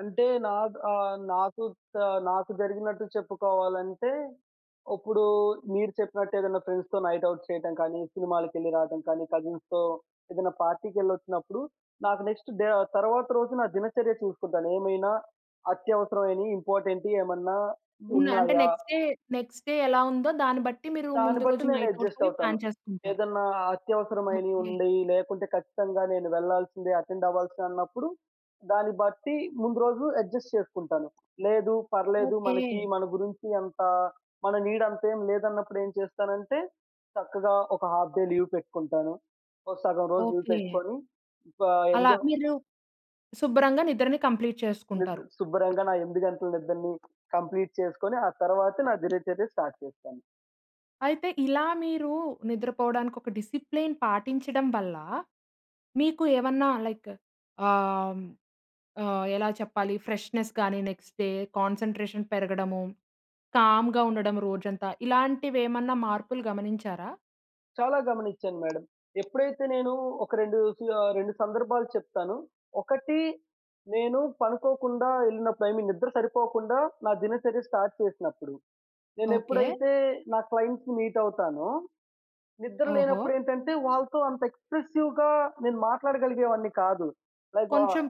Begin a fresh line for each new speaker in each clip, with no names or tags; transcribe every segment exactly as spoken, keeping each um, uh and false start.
అంటే నా ఆహ్, నాకు ఆహ్, నాకు జరిగినట్టు చెప్పుకోవాలంటే, ఇప్పుడు మీరు చెప్పినట్టేదైనా ఫ్రెండ్స్‌తో నైట్ ఔట్ చేయటం కానీ, సినిమాలకెళ్ళి రావడం కానీ, కజిన్స్‌తో ఏదైనా పార్టీకెళ్ళొచ్చినప్పుడు నాకు నెక్స్ట్ డే తరువాత రోజు నా దినచర్య చూసుకుంటాను. ఏమైనా అత్యవసరమైనయి ఇంపార్టెంటియి ఏమన్నా
హ్మ్. అంటే
ఉన్నాయా?
నెక్స్ట్ డే, నెక్స్ట్ డే ఎలా ఉందో దాన్ని బట్టి మీరు
దాన్ని
ముందు
బట్టి
రోజు
నేను
నైట్ ఔట్
అడ్జస్ట్
అవి
అవుతాను.
ప్లాన్ చేసుకుంటారు.
ఏదైనా అత్యవసరమైనయి
ఓకే.
ఉండేయి లేకుంటే ఖచ్చితంగా నేను వెళ్ళాల్సిందే అటెండ్ అవ్వాల్సిందే అన్నప్పుడు. దాన్ని బట్టి ముందు రోజు అడ్జస్ట్ చేసుకుంటాను. లేదు పర్లేదు మనకి
ఓకే.
మన గురించి అంత మన నీడ్ అంత ఏం లేదన్నప్పుడేం చేస్తానంటే, చక్కగా ఒక హాఫ్ డే లీవ్ పెట్టుకుంటాను. ఒక సగం రోజు లీవ్
ఓకే.
పెట్టుకొని, ఒకా
అలా
ఎంజా
మీరు శుభ్రంగా నిద్రని కంప్లీట్
నిద్ర
చేసుకుంటారు.
శుభ్రంగా నా ఎనిమిది గంటల నిద్రని కంప్లీట్ చేసుకొని, ఆ తరువాత నా దినచర్య స్టార్ట్ చేస్తాను.
అయితే ఇలా మీరు నిద్రపోవడానికి ఒక డిసిప్లిన్ పాటించడం వల్ల, మీకు ఏమన్నా లైక్ ఆహ్, ఆహ్, ఎలా చెప్పాలి ఫ్రెష్నెస్ గాని, నెక్స్ట్ డే కాన్సంట్రేషన్ పెరగడము, కామ్‌గా ఉండడం రోజంతా. ఇలాంటివేమన్నా మార్పులు గమనించారా?
చాలా గమనించాను మేడం. ఎప్పుడైతే నేను ఒక రెండు సు ఆహ్, రెండు సందర్భాలు చెప్తాను. ఒకటి నేను పనుకోకుండా ఎళ్ళినప్పుడు ఇ మీన్ నిద్ర సరిపోకుండా నా దినచర్య స్టార్ట్ చేసినప్పుడు.
ఓకే.
నేనెప్పుడైతే నా క్లయింట్స్‌ని మీట్ అవుతానో, నిద్ర
ఓహో!
లేనప్పుడేంటంటే వాళ్ళతో అంత ఎక్స్ప్రెసివ్‌గా నేను మాట్లాడగలిగే వాడిని కాదు. లైక్ వ
కొంచెం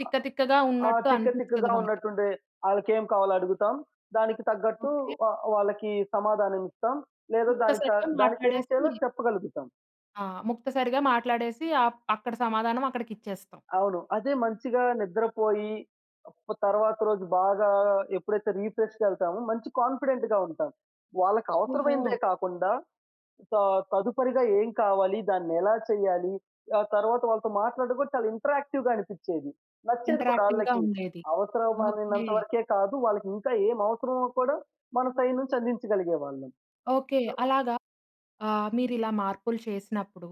తిక్క
ఆహ్,
తిక్కగా
ఆ!
ఉన్నట్టు
తిక్క
అనిపిస్తది
తిక్కగా
మనకి.
ఉన్నట్టుండే. ఆళ్ళకేం కావాలో అడుగుతాం. దానికి తగ్గట్టు
ఓకే.
ఆహ్, వాళ్ళకి సమాధానం ఇస్తాం. లేదా దాని క
ముక్తసరిగా
దానికేం చేయాలో
మాట్లాడేసి
చెప్పగలుగుతాం.
ఆ! ముక్తసరిగా మాట్లాడేసి అప్ అక్కడ సమాధానం అక్కడికిచ్చేస్తాం.
అవును. అదే మంచిగా నిద్రపోయి ప్ తర్వాత రోజు బాగా ఎప్పుడైతే రిఫ్రెష్‌గేళ్తామో మంచి కాన్ఫిడెంట్‌గా ఉంటాం.
ఓహో!
వాళ్ళకవసరమైనదే కాకుండా త తదుపరిగా ఏం కావాలి? దాన్ని ఎలా చేయాలి? ఆ తరువాత వాళ్ళతో మాట్లాడడం కూడా చాలా ఇంటరాక్టివ్‌గా అనిపించేది. నచ్చేది కూడా
ఇంటరాక్టివ్‌గా
ఆళ్ళకి.
ఉండేది. ఓకే.
అవసరమైనంత వరకే కాదు. వాళ్ళకింకా ఏమి అవసరమో కూడా మన సైడ్ నుంచి అందించగలిగేవాళ్ళం.
ఓకే.
సో
అలాగా ఆహ్, మీరిలా మార్పులు చేసినప్పుడు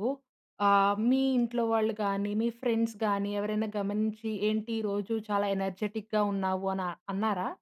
ఆహ్, మీ ఇంట్లో వాళ్ళు కానీ, మీ ఫ్రెండ్స్ గాని, ఎవరైనా గమనించి ఏంటి ఈ రోజు చాలా ఎనర్జిటిక్‌గా ఉన్నావు అని అన్నారా?